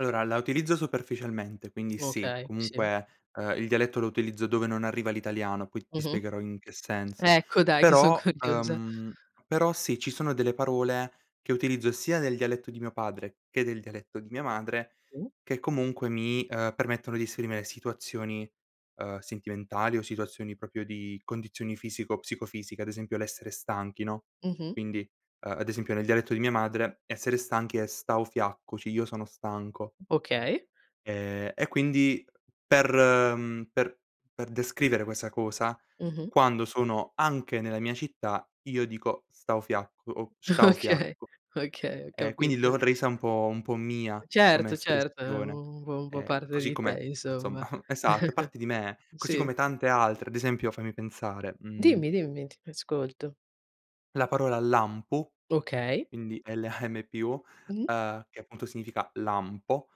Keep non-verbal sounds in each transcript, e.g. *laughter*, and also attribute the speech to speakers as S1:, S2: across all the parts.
S1: Allora, la utilizzo superficialmente, quindi sì,
S2: Okay, sì.
S1: comunque, ehm, il dialetto lo utilizzo dove non arriva l'italiano, poi ti
S2: Mh-mh.
S1: spiegherò in che senso.
S2: Ecco, dai che son
S1: Però,
S2: curiosa.
S1: uhm, però sì, ci sono delle parole che utilizzo sia del dialetto di mio padre che del dialetto di mia madre,
S2: Mh.
S1: che comunque mi, uhm, permettono di esprimere situazioni, ehm, sentimentali o situazioni proprio di condizioni fisico-psicofisiche, ad esempio l'essere stanchi, no?
S2: Mh-mh.
S1: Quindi, uhm, ad esempio nel dialetto di mia madre essere stanchi è "stau fiacco", cioè io sono stanco.
S2: Okay.
S1: Ehm, e quindi per, uhm, per per descrivere questa cosa,
S2: Mh-mh.
S1: quando sono anche nella mia città io dico "stau fiacco" o "sctau
S2: Okay,
S1: fiacco".
S2: okay, ho
S1: E quindi
S2: capito.
S1: l'ho resa un po' un po' mia come
S2: Certo, certo, è
S1: espressione,
S2: un po' un po'
S1: ehm,
S2: parte
S1: così
S2: di
S1: com'è, e
S2: te insomma.
S1: insomma, uhm, esatto, è
S2: *chuckles*
S1: parte di me, così
S2: Sì.
S1: come tante altre. Ad esempio, fammi pensare, mhmm
S2: Dimmi, dimmi, ti ascolto.
S1: la parola "lampo",
S2: Okay.
S1: quindi L-A-M-P-O,
S2: Mh.
S1: uhm, che appunto significa "lampo",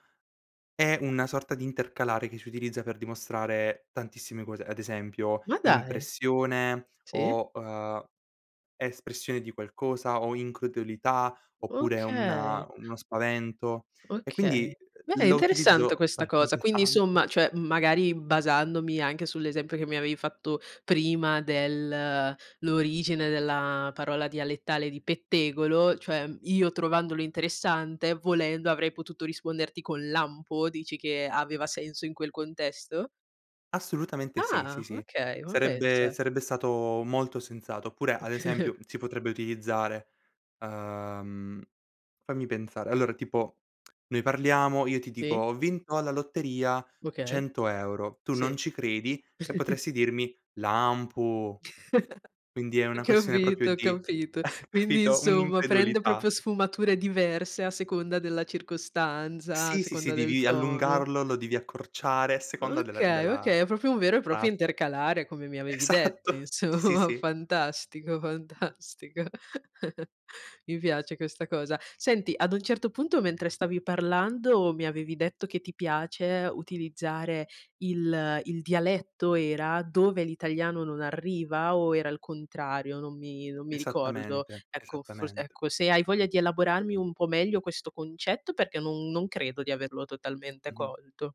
S1: è una sorta di intercalare che si utilizza per dimostrare tantissime cose, ad esempio
S2: Ma dai.
S1: impressione
S2: Sì.
S1: o, uhm, espressione di qualcosa, o incredulità oppure una
S2: Okay.
S1: uno spavento, e
S2: Okay.
S1: quindi
S2: Beh
S1: lo
S2: interessante
S1: utilizzo
S2: questa cosa,
S1: talmente
S2: quindi
S1: tanto.
S2: insomma, cioè, uhm, magari basandomi anche sull'esempio che mi avevi fatto prima del l'origine della parola dialettale di pettegolo, cioè io trovandolo interessante, volendo avrei potuto risponderti con "lampo", dici che aveva senso in quel contesto?
S1: Assolutamente sì, sì,
S2: Ah.
S1: sì.
S2: Okay, ma
S1: Sarebbe
S2: pensa.
S1: sarebbe stato molto sensato. Oppure, ad esempio,
S2: *chuckles*
S1: si potrebbe utilizzare, uhm, fammi pensare, allora tipo *tsk* noi parliamo, io ti dico
S2: Sì.
S1: "Ho vinto alla lotteria
S2: Okay.
S1: 100 €", tu non
S2: Sì.
S1: ci credi e
S2: *chuckles*
S1: potresti dirmi: "Lampo".
S2: *chuckles*
S1: Quindi è una questione proprio
S2: Capito, ho
S1: di
S2: capito.
S1: *chuckles*
S2: Quindi
S1: capito?
S2: insomma prende
S1: Un'incredulità.
S2: proprio sfumature diverse a seconda della circostanza, a
S1: Sì, sì, sì,
S2: seconda del
S1: devi
S2: tono.
S1: allungarlo, lo devi accorciare, a seconda del
S2: Okay,
S1: della
S2: okay, è proprio un vero e proprio
S1: frase.
S2: intercalare come mi avevi detto,
S1: Esatto, s sì,
S2: insomma,
S1: sì.
S2: fantastico, fantastico. *chuckles* Mi piace questa cosa. Senti, ad un certo punto mentre stavi parlando mi avevi detto che ti piace utilizzare il il dialetto era, dove l'italiano non arriva, o era il contrario? Non mi non mi ricordo,
S1: Esattamente.
S2: ecco fors
S1: Esattamente.
S2: ecco, se hai voglia di elaborarmi un po' meglio questo concetto, perché non non credo di averlo totalmente
S1: Mh-mh.
S2: colto.